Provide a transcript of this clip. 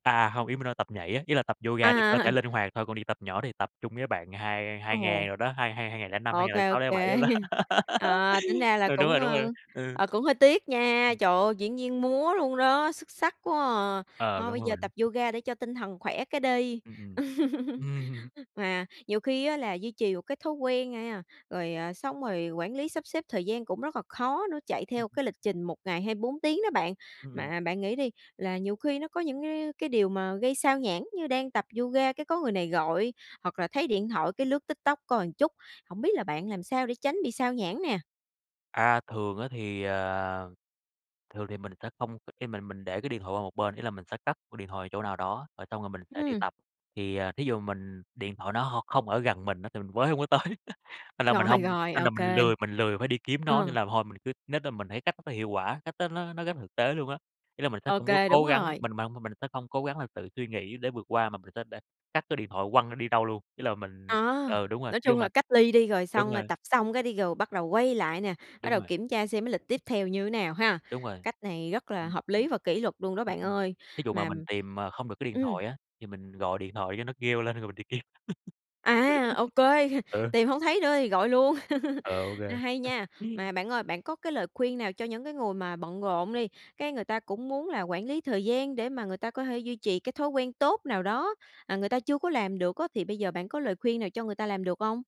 À, hông, ý mình nói tập nhảy á, nghĩa là tập yoga để cơ À. thể linh hoạt thôi, còn đi tập nhỏ thì tập chung với bạn hai hai Ồ. ngàn đồ đó, hai hai hai ngàn lẻ năm, hai Ô ngàn lẻ kê, ô sáu, lẻ bảy kê. đồ đó. À, tính ra là Ừ, đúng cũng, rồi, đúng rồi, ờ, ừ. à, cũng hơi tiếc nha, trời ơi, diễn viên múa luôn đó, xuất sắc quá à! Ờ, Thôi, đúng bây rồi giờ bạn. tập yoga để cho tinh thần khỏe cái đi. Ừm, ừm, ừm. Mà nhiều khi á là duy trì một cái thói quen a nha, rồi, à, xong rồi quản lý sắp xếp thời gian cũng rất là khó nữa, chạy Ừm, theo ừm. cái lịch trình 1 ngày 24 đó bạn. Ừm. Mà bạn nghĩ đi, là nhiều khi nó có những cái cái điều mà gây sao nhãng, như đang tập yoga cái có người này gọi, hoặc là thấy điện thoại cái lướt TikTok coi một chút, hổng biết là bạn làm sao để tránh bị xao nhãng nè? À, thường á thì, ờ, thường thì mình sẽ không khi mà mình để cái điện thoại qua một bên, ý là, mình sẽ cất điện thoại ở chỗ nào đó, rồi xong rồi mình sẽ đi Ừm. tập. Thì, à, thí dụ mình điện thoại nó hông không ở gần mình á thì mình với hông có tới, nên là mình Rồi, hông rồi, nên là OK. mình lười mình lười phải đi kiếm nó, nên Ờ. là thôi mình cứ nết đó. Mình thấy cách đó nó hiệu quả, cách đó nó nó rất thực tế luôn á. Ý là mình sẽ không có OK, đúng cố gắng, rồi. mình mà mình sẽ không cố gắng là tự suy nghĩ để vượt qua mà mình sẽ đ cất cái điện thoại, quăng nó đi đâu luôn, ý là À, mình ừ đúng rồi, nói nhưng chung mà là cách ly đi, rồi đúng xong rồi rồi. tập xong cái đi rồi bắt đầu quay lại nè, bắt Đúng đầu rồi. kiểm tra xem cái lịch tiếp theo thì như thế nào ha? Đúng rồi. Cách này rất là Ừm, hợp lý ừm. và kỷ luật luôn đó Ừm, bạn ừm. ơi, Thí dụ mà mà mình tìm, à, không được cái điện ừm. thoại á, thì mình gọi điện thoại cho nó kêu lên, rồi mình đi kiếm. À! Ô kê, Ừ. tìm hổng thấy nữa thì gọi luôn, Ờ, OK. hay nha. Mà bạn ơi, bạn có cái lời khuyên nào cho những cái người mà bận rộn đi, cái người ta cũng muốn là quản lý thời gian để mà người ta có thể duy trì cái thói quen tốt nào đó, à, người ta chưa có làm được á, thì bây giờ bạn có lời khuyên nào cho người ta làm được hông?